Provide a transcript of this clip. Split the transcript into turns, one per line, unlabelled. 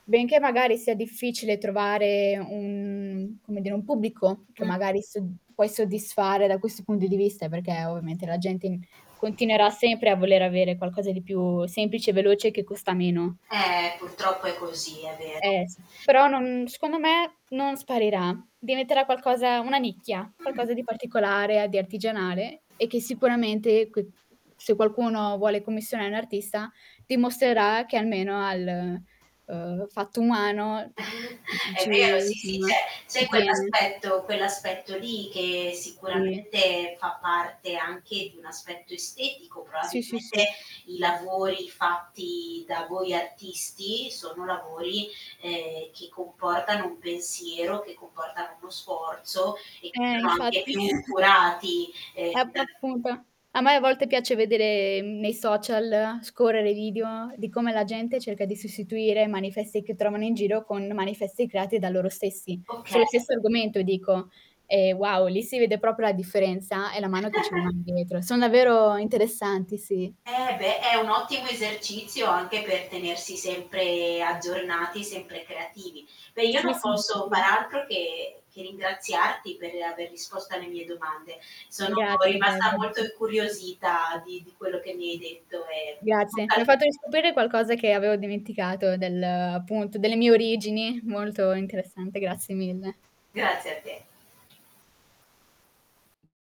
Benché magari sia difficile trovare un, come dire un pubblico, che
Mh.
magari sod puoi soddisfare da questo punto di vista, perché ovviamente la gente in continuerà sempre a voler avere qualcosa di più semplice e veloce che costa meno.
Eh, purtroppo è così, è vero.
Eh sì. Però non secondo me non sparirà. Diventerà qualcosa una nicchia,
Mh.
qualcosa di particolare a di artigianale e che sicuramente che se qualcuno vuole commissioni a un artista dimostrerà che almeno al, uhm, fatto umano, c
È
ci
vero, sì, sì, c'è
insomma
c'è
ci tiene.
quell'aspetto quell'aspetto lì, che
Sì.
sicuramente fa parte anche di un aspetto estetico.
Sì, sì,
Probabilmente
sì.
i lavori fatti da voi artisti sono lavori, ehm, che comportano un pensiero, che comportano uno sforzo e
Eh,
sono anche
Infatti.
più curati.
Ecco,
[unintelligible]
appunto. A me a volte piace vedere, mhmm, nei social, scorrere i video, di come la gente cerca di sostituire manifesti che trovano in giro con manifesti creati da loro stessi.
Okay.
Sullo stesso argomento e dico: "Eh, wow, lì si vede proprio la differenza e la mano che ci rimane dietro". Son davvero interessanti, sì.
Eh, beh, è un ottimo esercizio anche per tenersi sempre aggiornati, sempre creativi. Beh, io
Sì,
non
sì,
posso
sicuro.
far altro che che ringraziarti per aver risposto alle mie domande. Sono
Grazie a te.
rimasta molto
[unintelligible]
incuriosita di di quello che mi hai detto e in
Grazie,
bocca
mi
al
hai fatto
lupo.
riscoprire qualcosa che avevo dimenticato, del appunto delle mie origini, molto interessante. Grazie mille.
Grazie a te.